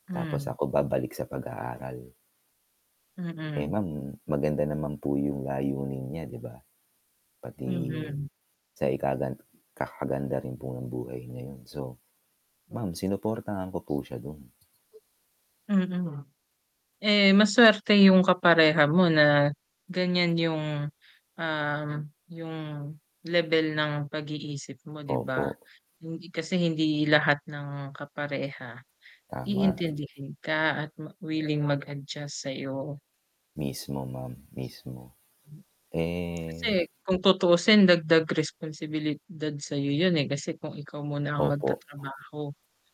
Tapos Mm. ako babalik sa pag aaral. Eh Mm. ma'am, maganda naman po yung layunin niya, 'di ba? Pati Mhm. sa ikagan ikakaganda rin po ng buhay na yun. So ma'am, sinuportahan ko po siya dun. Mm. Eh, masuwerte yung kapareha mo na ganyan yung, um, yung lebel ng pag-iisip mo, 'di ba? Opo. Hindi kasi hindi lahat ng kapareha Tama. iintindihin ka at ma willing mag-adjust sayo. Mismo ma'am, mismo. Kasi Eh kung tutuusin dagdag responsibilidad sayo, yun eh, kasi kung ikaw muna ang Opo. magtatrabaho.